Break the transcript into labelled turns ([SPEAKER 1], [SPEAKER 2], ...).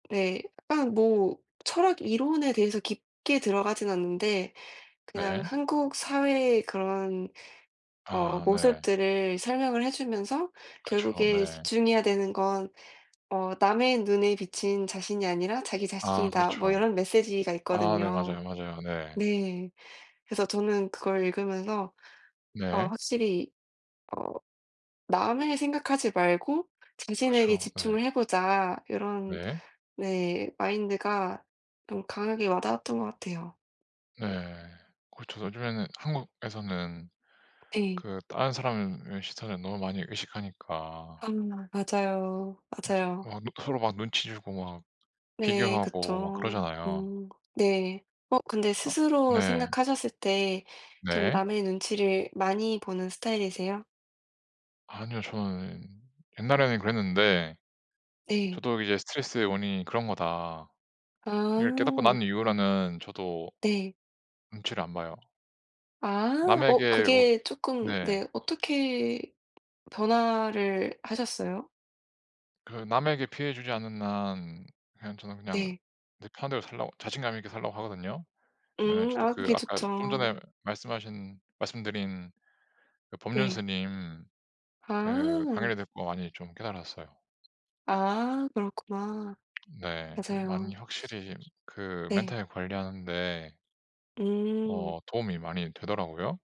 [SPEAKER 1] 네. 약간 뭐 철학 이론에 대해서 깊게 들어가진 않는데 그냥
[SPEAKER 2] 예.
[SPEAKER 1] 한국 사회의 그런 어
[SPEAKER 2] 아 네.
[SPEAKER 1] 모습들을 설명을 해 주면서
[SPEAKER 2] 그쵸.
[SPEAKER 1] 결국에
[SPEAKER 2] 네.
[SPEAKER 1] "집중해야 되는 건 어 남의 눈에 비친 자신이 아니라 자기
[SPEAKER 2] 아
[SPEAKER 1] 자신이다." 뭐
[SPEAKER 2] 그렇죠.
[SPEAKER 1] 이런 메시지가
[SPEAKER 2] 아 네
[SPEAKER 1] 있거든요.
[SPEAKER 2] 맞아요, 맞아요. 네.
[SPEAKER 1] 네 그래서 저는 그걸 읽으면서 어
[SPEAKER 2] 네.
[SPEAKER 1] 확실히 어 '남을 생각하지 말고 자신에게
[SPEAKER 2] 그쵸. 네.
[SPEAKER 1] 집중을 해 보자.' 이런
[SPEAKER 2] 네.
[SPEAKER 1] 네 마인드가 좀 강하게 와 닿았던 것 같아요.
[SPEAKER 2] 네. 그쵸. 요즘에는 한국에서는
[SPEAKER 1] 네.
[SPEAKER 2] 그 다른 사람의 시선을 너무 많이 의식하니까
[SPEAKER 1] 음 맞아요.
[SPEAKER 2] 서
[SPEAKER 1] 맞아요.
[SPEAKER 2] 막 서로 막 눈치 주고 막
[SPEAKER 1] 네
[SPEAKER 2] 비교하고 막
[SPEAKER 1] 그쵸.
[SPEAKER 2] 그러잖아요.
[SPEAKER 1] 음 네. 어 근데
[SPEAKER 2] 아
[SPEAKER 1] 스스로
[SPEAKER 2] 네.
[SPEAKER 1] 생각하셨을 때 좀
[SPEAKER 2] 네.
[SPEAKER 1] 남의 눈치를 많이 보는 스타일이세요?
[SPEAKER 2] 아니요. 저는 옛날에는 그랬는데
[SPEAKER 1] 네.
[SPEAKER 2] 저도 이제 '스트레스의 원인이 그런 거다.'를 깨닫고
[SPEAKER 1] 아.
[SPEAKER 2] 난 이후로는 저도
[SPEAKER 1] 네.
[SPEAKER 2] 눈치를 안 봐요.
[SPEAKER 1] 아. 어
[SPEAKER 2] 남에게 어
[SPEAKER 1] 그게 쪼끔
[SPEAKER 2] 네.
[SPEAKER 1] 네 어떻게 변화를 하셨어요?
[SPEAKER 2] 그 남에게 피해 주지 않는 한 그냥 저는 그냥
[SPEAKER 1] 네.
[SPEAKER 2] 내 편한 대로 살려고 자신감 있게 살려고 하거든요. 왜냐면
[SPEAKER 1] 음
[SPEAKER 2] 저도
[SPEAKER 1] 아
[SPEAKER 2] 그
[SPEAKER 1] 그게
[SPEAKER 2] 아까 좀
[SPEAKER 1] 좋죠.
[SPEAKER 2] 전에 말씀하신 말씀드린 그 법륜
[SPEAKER 1] 네.
[SPEAKER 2] 스님 그
[SPEAKER 1] 아.
[SPEAKER 2] 강의를 듣고 많이 좀 깨달았어요.
[SPEAKER 1] 아 그렇구나.
[SPEAKER 2] 네. 그래서 많이
[SPEAKER 1] 맞아요.
[SPEAKER 2] 확실히 그
[SPEAKER 1] 네.
[SPEAKER 2] 멘탈 관리하는데
[SPEAKER 1] 음.
[SPEAKER 2] 어 도움이 많이 되더라고요.